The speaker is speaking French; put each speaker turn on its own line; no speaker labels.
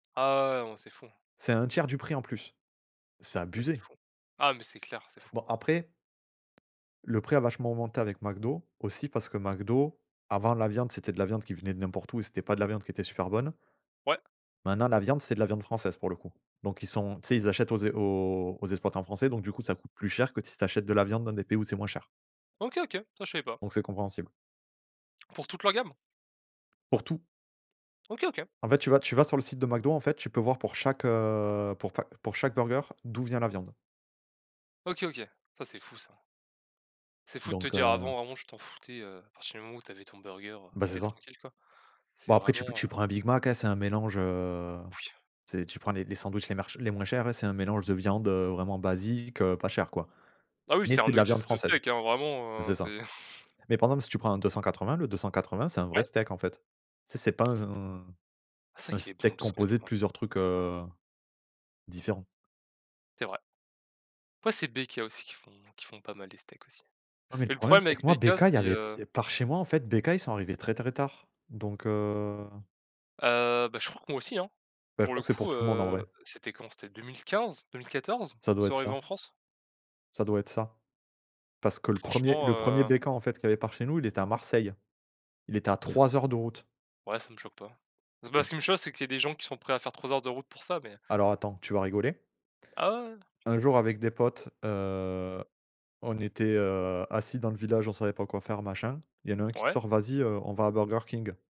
Ah ouais, mais c'est fou.
C'est 1/3 du prix en plus, c'est
Ça, c'est
abusé.
fou. Ah, mais c'est clair, c'est fou.
Bon après le prix a vachement augmenté avec McDo aussi parce que McDo, avant la viande c'était de la viande qui venait de n'importe où et c'était pas de la viande qui était super bonne
Ouais.
maintenant la viande c'est de la viande française, pour le coup, donc ils sont tu sais, ils achètent aux ex aux aux exploitants français, donc du coup, ça coûte plus cher que si tu achètes de la viande dans des pays où c'est moins cher.
OK, OK, ça, je savais pas.
Donc c'est compréhensible.
Pour toute leur gamme?
Pour tout.
OK, OK.
En fait, tu vas tu vas sur le site de McDo, en fait, tu peux voir, pour chaque, heu, pour pa pour chaque burger, d'où vient la viande.
OK, OK, ça, c'est fou, ça. C'est fou de te
Donc
dire,
heu
avant, vraiment, tu t'en foutais, heu, à partir du moment où tu avais ton burger, heu, tu
Ben, c'est
étais
ça.
tranquille, quoi. C'est
Bon après tu pe
vraiment,
tu
heu
prends un big mac, hein, c'est un mélange, heu,
Oui.
tu sais, tu prends les les sandwichs les merch les moins chers, c'est un mélange de viande, heu, vraiment basique, heu, pas chère, quoi,
Ah oui,
mais
c'est un
c'est de la
nugget
viande
de
française,
steak, hein, vraiment, heu,
c'est ça,
c'est.
mais par exemple, si tu prends un 280, le 280 c'est un vrai
Ouais.
steak, en fait. Tu sais, c'est pas un
Ah, c'est vrai
un
qu'il est bon, le
steak
deux cent
composé de
quatre-vingts.
plusieurs trucs, heu, différents.
C'est vrai. Après, c'est BK aussi qui font qui font pas mal les steaks aussi,
Non mais le
mais le
problème
problème
c'est que
avec
moi
BK,
BK il y
c'est,
avait
heu
par chez moi, en fait, BK ils sont arrivés très, très tard donc heu
Heu, bah, je crois que moi aussi, hein.
Ben, je
Pour
crois
le
que c'est pour
coup,
tout le monde, en
heu,
vrai.
c'était quand? C'était 2015-2014?
Ça
Ils
doit
sont
être
arrivé
ça.
en France.
Ca doit être ça. Parce que le 1er
Franchement,
le 1er
heu
BK, en fait, qu'il y avait par chez nous, il était à Marseille. Il était à 3 heures de route.
Ouais, ça me choque pas.
Et
Bah, ce
d
qui me choque, c'est qu'il y a des gens qui sont prêts à faire 3 heures de route pour ça, mais
Alors, attends, tu vas rigoler
Ah, ouais, ouais.
un jour, avec des potes, heu, on était, heu, assis dans le village. On savait pas quoi faire, machin. Il y en a un qui te
Ouais.
sort: «Vas-y, heu, on va à Burger King».